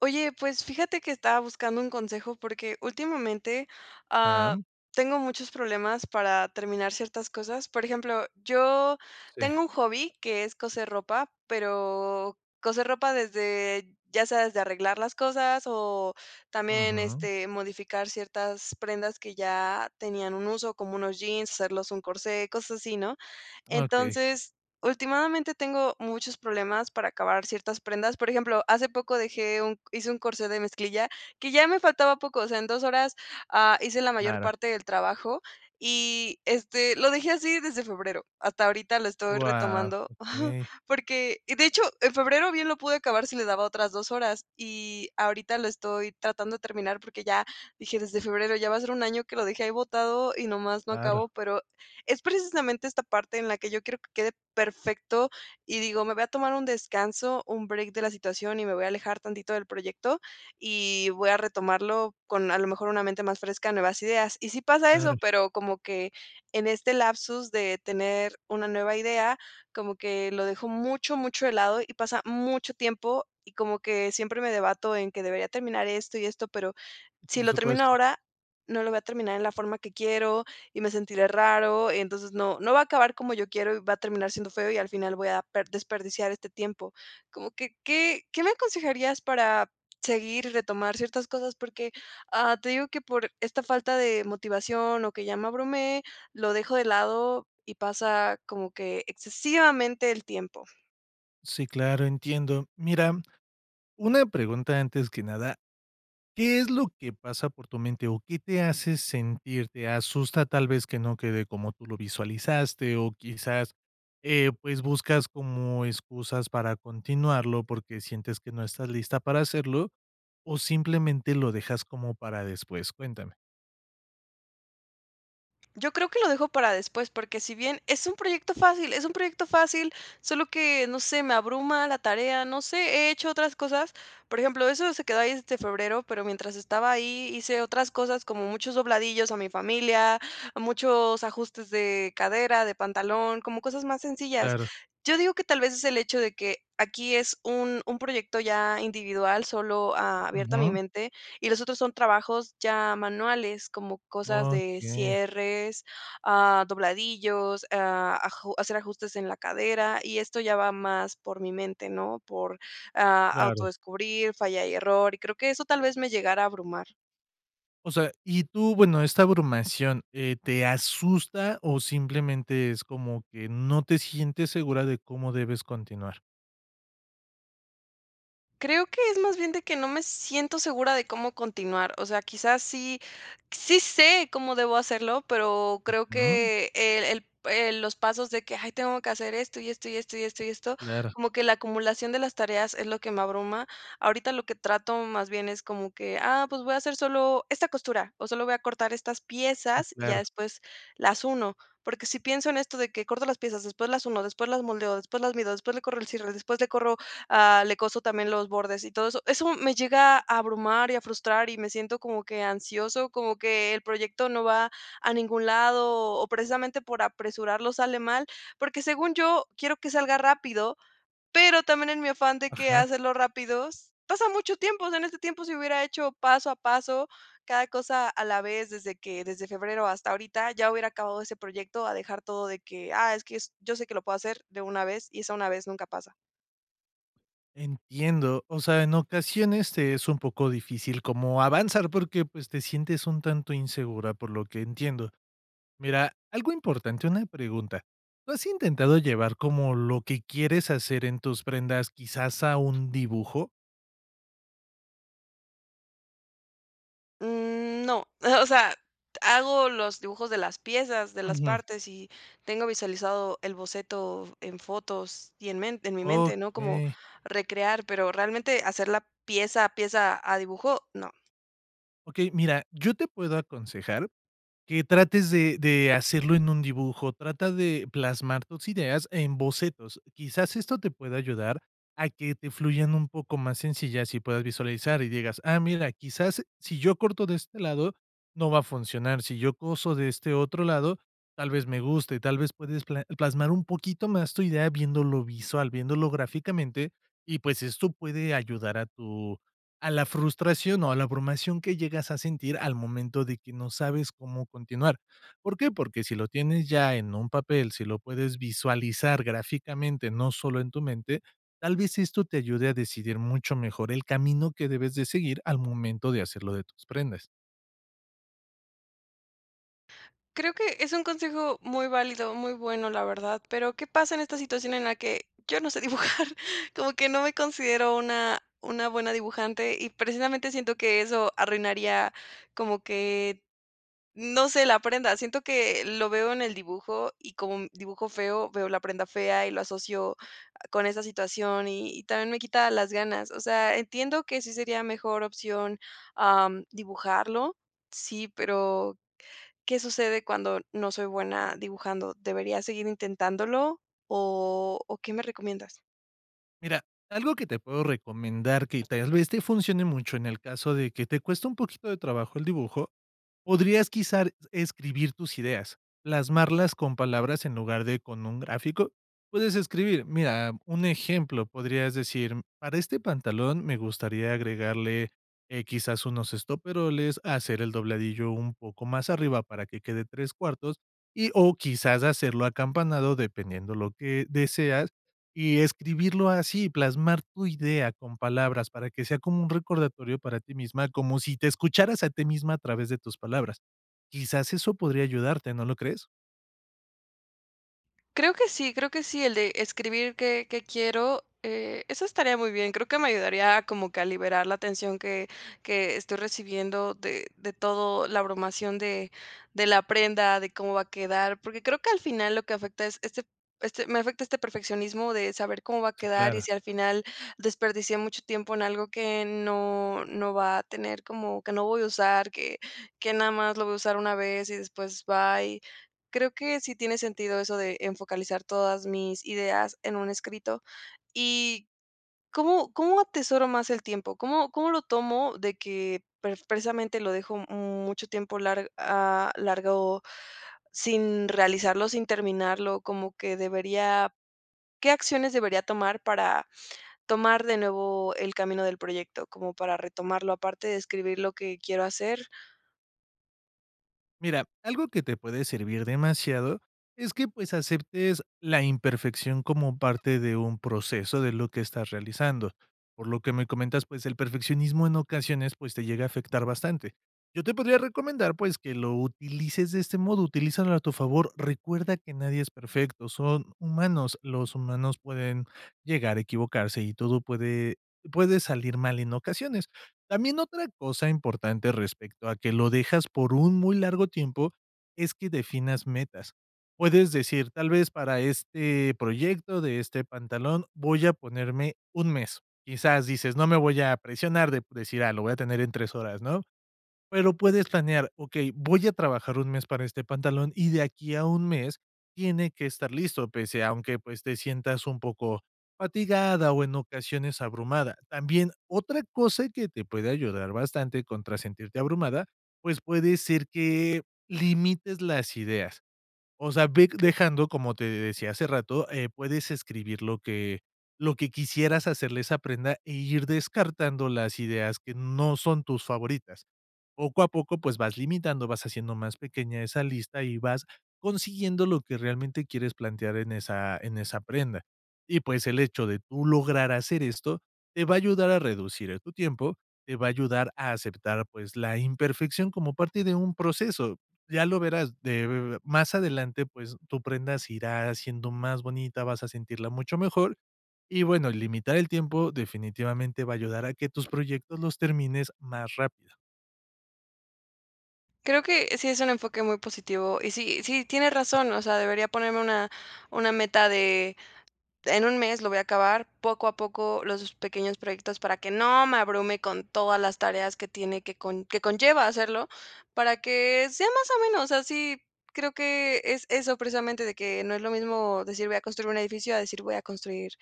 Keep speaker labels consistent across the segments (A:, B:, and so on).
A: Oye, pues, fíjate que estaba buscando un consejo porque últimamente, ah,
B: Ajá.
A: tengo muchos problemas para terminar ciertas cosas. Por ejemplo, yo
B: Sí.
A: tengo un hobby que es coser ropa, pero coser ropa desde ya sea desde arreglar las cosas o también
B: Ujú.
A: este modificar ciertas prendas que ya tenían un uso, como unos jeans, hacerlos un corsé, cosas así, ¿no?
B: Okey.
A: Entonces últimadamente tengo muchos problemas para acabar ciertas prendas. Por ejemplo, hace poco dejé un hice un corsé de mezclilla que ya me faltaba poco, o sea, en 2 horas, ah, hice la mayor
B: Claro.
A: parte del trabajo y este lo dejé así desde febrero. Hasta ahorita lo estoy
B: Wao,
A: retomando
B: okey.
A: porque de hecho, en febrero bien lo pude acabar si le daba otras 2 horas y ahorita lo estoy tratando de terminar porque ya dije desde febrero ya va a ser un año que lo dejé ahí botado y nomás no
B: Claro.
A: acabo, pero es precisamente esta parte en la que yo quiero que quede perfecto y digo: "me voy a tomar un descanso, un break de la situación y me voy a alejar tantito del proyecto y voy a retomarlo con a lo mejor una mente más fresca, nuevas ideas", y si pasa eso,
B: Claro.
A: pero como que en este lapsus de tener una nueva idea como que lo dejo mucho, mucho de lado y pasa mucho tiempo y como que siempre me debato en que debería terminar esto y esto, pero si
B: Por
A: lo termino
B: supuesto.
A: ahora, no lo voy a terminar en la forma que quiero y me sentiré raro, entonces no no va a acabar como yo quiero y va a terminar siendo feo y al final voy a per desperdiciar este tiempo, ¿como qué qué qué me aconsejarías para seguir y retomar ciertas cosas? Porque, ah, te digo que por esta falta de motivación o que ya me abrume, lo dejo de lado y pasa como que excesivamente el tiempo.
B: Sí, claro, entiendo. Mira, una pregunta antes que nada, ¿qué es lo que pasa por tu mente o qué te hace sentirte asusta tal vez que no quede como tú lo visualizaste o quizás, eh, pues, buscas como excusas para continuarlo porque sientes que no estás lista para hacerlo o simplemente lo dejas como para después? Cuéntame.
A: Yo creo que lo dejo para después, porque si bien es un proyecto fácil es un proyecto fácil, solo que, no sé, me abruma la tarea, no sé, he hecho otras cosas, por ejemplo, eso se quedó ahí desde febrero, pero mientras estaba ahí hice otras cosas, como muchos dobladillos a mi familia, muchos ajustes de cadera, de pantalón, como cosas más sencillas,
B: Claro.
A: yo digo que tal vez es el hecho de que aquí es un un proyecto ya individual, solo abierto a mi
B: Ujú.
A: mente y los otros son trabajos ya manuales como cosas de
B: Okey.
A: cierres, ah, dobladillos, ah, aju hacer ajustes en la cadera, y esto ya va más por mi mente, ¿no?, por, ah,
B: Claro.
A: autodescubrir, falla y error y creo que eso tal vez me llegara a abrumar.
B: O sea, ¿y tú, bueno, esta abrumación, eh, te asusta o simplemente es como que no te sientes segura de cómo debes continuar?
A: Creo que es más bien de que no me siento segura de cómo continuar, o sea, quizás sí sí sé cómo debo hacerlo, pero creo
B: Ujú.
A: que el el el los pasos de que hay, tengo que hacer esto, y esto, y esto y esto y esto
B: Claro.
A: como que la acumulación de las tareas es lo que me abruma, ahorita lo que trato más bien es como que, ah, pues voy a hacer solo esta costura o solo voy a cortar estas
B: Sí,
A: piezas y ya
B: claro.
A: después las uno, porque si pienso en esto de que corto las piezas después las uno, después las moldeo, después las mido, después le corro el cierre, después le corro, ah, le coso también los bordes y todo eso, eso me llega a abrumar, y a frustrar y me siento como que ansioso, como que el proyecto no va a ningún lado o o precisamente por apresurarlo sale mal, porque según yo quiero que salga rápido, pero también en mi afán de que
B: Ajá.
A: hacerlo rápidos pasa mucho tiempo, o sea en este tiempo si hubiera hecho paso a paso cada cosa a la vez desde que desde febrero hasta ahorita ya hubiera acabado ese proyecto a dejar todo de que, ah, es que yo s yo sé que lo puedo hacer de una vez y esa una vez, nunca pasa.
B: Entiendo, o sea, en ocasiones es un poco difícil como avanzar porque pues te sientes un tanto insegura, por lo que entiendo. Mira, algo importante, una pregunta, ¿lo has intentado llevar como lo que quieres hacer en tus prendas, quizás a un dibujo?
A: Mm, no. O sea, hago los dibujos de las piezas, de las
B: Ujú.
A: partes y, tengo visualizado el boceto en fotos y en men en mi mente, ¿no? Como,
B: Okey.
A: recrear pero realmente hacerla pieza a pieza, a dibujo, no.
B: Okey, mira, yo te puedo aconsejar, que trates de de hacerlo en un dibujo, trata de, plasmar tus ideas en bocetos, quizás esto te pueda ayudar a que te fluyan un poco más sencillas y puedas visualizar y digas: "Ah, mira, quizás si yo corto de este lado, no va a funcionar, si yo coso de este otro lado, tal vez me guste". Tal vez puedes pla plasmar un poquito más tu idea, viéndolo visual, viéndolo gráficamente y pues esto puede ayudar a tu a la frustración o a la abrumación que llegas a sentir al momento de que no sabes cómo continuar. ¿Por qué? Porque si lo tienes ya en un papel, si lo puedes visualizar gráficamente no sólo en tu mente, tal vez esto te ayude a decidir mucho mejor el camino que debes de seguir al momento de hacer lo de tus prendas.
A: Creo que es un consejo muy válido, muy bueno, la verdad. Pero, ¿qué pasa en esta situación en la que, yo no sé dibujar como que no me considero una una buena dibujante y precisamente siento que eso arruinaría como que, no sé, la prenda? Siento que lo veo en el dibujo y como un dibujo feo, veo la prenda fea y lo asocio, ah, con esa situación y y también me quita las ganas. O sea, entiendo que sí sería mejor opción, ah, dibujarlo sí, pero, ¿Qué sucede cuando no soy buena dibujando? ¿Debería seguir intentándolo? ¿O o qué me recomiendas?
B: Mira, algo que te puedo recomendar que tal vez te funcione mucho en el caso de que te cueste un poquito de trabajo el dibujo, podrías quizás escribir tus ideas. Plasmarlas con palabras en lugar de con un gráfico. Puedes escribir mira, un ejemplo. Podrías decir: "Para este pantalón me gustaría agregarle, eh, quizás unos estoperoles hacerle el dobladillo un poco más arriba para que quede 3/4 y o quizás hacerlo acampanado", dependiendo de lo que deseas y escribirlo así y plasmar tu idea con palabras para que sea como un recordatorio para ti misma, como si te escucharas a ti misma a través de tus palabras. Quizás eso podría ayudarte, ¿no lo crees?
A: Creo que sí, creo que sí, el de escribir que que quiero, eh, eso estaría muy bien, creo que me ayudaría como que a liberar la tensión que que estoy recibiendo de de todo la abrumación de de la prenda de cómo va a quedar porque creo que al final lo que afecta es este este me afecta este perfeccionismo de saber cómo va a quedar y
B: Claro.
A: si al final desperdicié mucho tiempo en algo que no no va a tener, como que no voy a usar que que nada más lo voy a usar una vez y después bye, creo que sí tiene sentido eso de focalizar todas mis ideas en un escrito y, ¿cómo cómo atesoro más el tiempo? ¿Cómo cómo lo tomo de que precisamente lo dejo mucho tiempo lar a alargo sin realizarlo, sin terminarlo?¿Como que debería qué acciones debería tomar para tomar de nuevo el camino del proyecto, como para retomarlo, aparte de escribir lo que quiero hacer?
B: Mira, algo que te puede servir demasiado es que pues aceptes la imperfección como parte de un proceso de lo que estás realizando, por lo que me comentas, pues el perfeccionismo en ocasiones, pues te llega a afectar bastante. Yo te podría recomendar, pues que lo utilices de este modo, utilízalo a tu favor. Recuerda que nadie es perfecto. Son humanos. Los humanos pueden llegar a equivocarse y todo puede puede salir mal en ocasiones. También otra cosa importante respecto a que lo dejas por un muy largo tiempo, es que definas metas. Puedes decir, tal vez para este proyecto de este pantalón, voy a ponerme un mes. Quizás dices no me voy a presionar de decir: "Ah, lo voy a tener en tres horas", no? Pero puedes planear: "Okey, voy a trabajar un mes para este pantalón y de aquí a un mes tiene que estar listo", pese aunque pues te sientas un poco fatigada o en ocasiones abrumada. También otra cosa que te puede ayudar bastante contra sentirte abrumada, pues puede ser que limites las ideas. O sea, ve dejando, como te decía hace rato, eh, puedes escribir lo que, lo que quisieras hacerle a esa prenda e ir descartando las ideas que no son tus favoritas. Poco a poco, pues vas limitando, vas haciendo más pequeña esa lista y vas consiguiendo lo que realmente quieres plantear en esa en esa prenda y, pues, el hecho de tú lograr hacer esto te va a ayudar a reducir tu tiempo, te va a ayudar a aceptar, pues la imperfección como parte de un proceso. Ya lo verás de más adelante, pues tu prenda se irá haciendo más bonita. Vas a sentirla mucho mejor y bueno, limitar el tiempo definitivamente va a ayudar a que tus proyectos los termines más rápido.
A: Creo que sí es un enfoque muy positivo, y sí sí, tiene razón. O sea, debería ponerme una una meta de, en 1 mes lo voy a acabar, poco a poco, los pequeños proyectos para que no me abrume con todas las tareas que tiene que con que conlleva hacerlo, para que sea más o menos así. Creo que, es eso precisamente de que, no es lo mismo decir: "Voy a construir un edificio.", a decir: "Voy a construir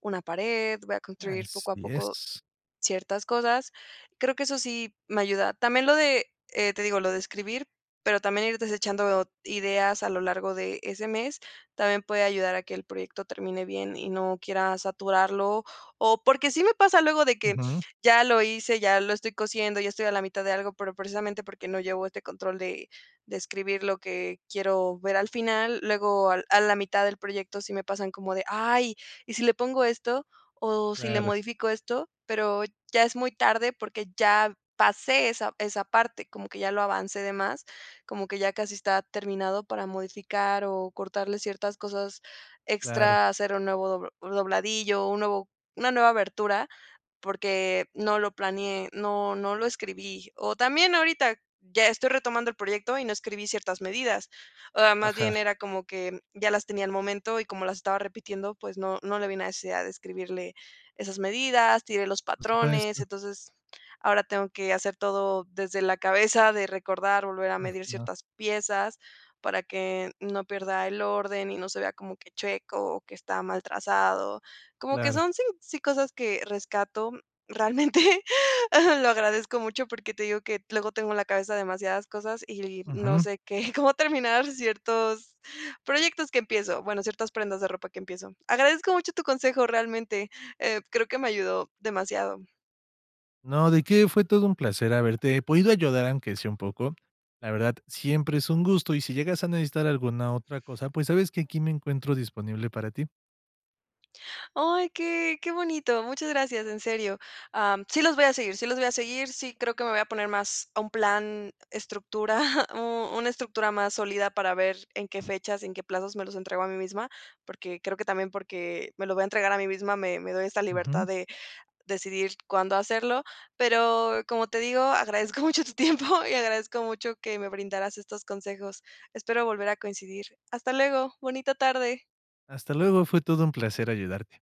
A: una pared, voy a construir poco a
B: Así
A: poco,
B: es.
A: ciertas cosas". Creo que eso sí, me ayuda. También lo de, eh, te digo lo de escribir. Pero también ir desechando ideas a lo largo de ese mes, también puede ayudar a que el proyecto termine bien y no quiera saturarlo. O, porque sí me pasa luego, de que
B: Ujú.
A: ya lo hice, ya lo estoy cosiendo, ya estoy a la mitad de algo, pero precisamente porque no llevo este control de de escribir lo que quiero ver al final. Luego, al a la mitad del proyecto sí me pasan como de: "Ay, ¿y si le pongo esto?, o, ¿si le
B: Claro.
A: modifico esto?". Pero, ya es muy tarde porque ya pasé esa esa parte, como que ya lo avancé de más, como que ya casi está terminado para modificar, o cortarle ciertas cosas
B: Claro.
A: extra, hacer un nuevo do dobladillo o un nuevo una nueva abertura, porque, no lo planeé, no no lo escribí. O también ahorita, ya estoy retomando el proyecto, y no escribí ciertas medidas. O más bien
B: Ajá.
A: era como que, ya las tenía al momento y como las estaba repitiendo, pues, no no le ví la necesidad de escribirle, esas medidas. Tiré los
B: Por
A: patrones.
B: supuesto.
A: Entonces ahora tengo que hacer todo desde la cabeza, de recordar, volver a medir
B: Ajá.
A: ciertas piezas, para que no pierda el orden y no se vea como que checo, o que está mal trazado. Como que
B: Claro.
A: son sí, sí, cosas que rescato, realmente. Lo agradezco mucho porque te digo que luego tengo en la cabeza demasiadas cosas y no
B: Ujú.
A: sé, qué cómo terminar ciertos, proyectos que empiezo. Bueno, ciertas prendas de ropa que empiezo. Agradezco mucho tu consejo, realmente. Eh, creo que me ayudó demasiado.
B: No, de qué, fue todo un placer haberte, podido ayudar, aunque sea un poco. La verdad, siempre es un gusto. Y si llegas a necesitar alguna otra cosa, pues sabes que aquí me encuentro disponible para ti.
A: Ay, qué qué bonito. Muchas gracias. En serio. Am, sí, los voy a seguir sí los voy a seguir. Sí, creo que me voy a poner más a un plan estructura, una estructura más sólida para ver en qué fechas, en qué plazos me los entrego a mí misma, porque creo que también porque me lo voy a entregar a mí misma, me me doy esa
B: Ujú.
A: libertad de, decidir cuándo hacerlo. Pero, como te digo, agradezco mucho tu tiempo, y agradezco mucho que me brindaras estos consejos. Espero volver a coincidir. Hasta luego. Bonita tarde.
B: Hasta luego. Fue todo un placer ayudarte.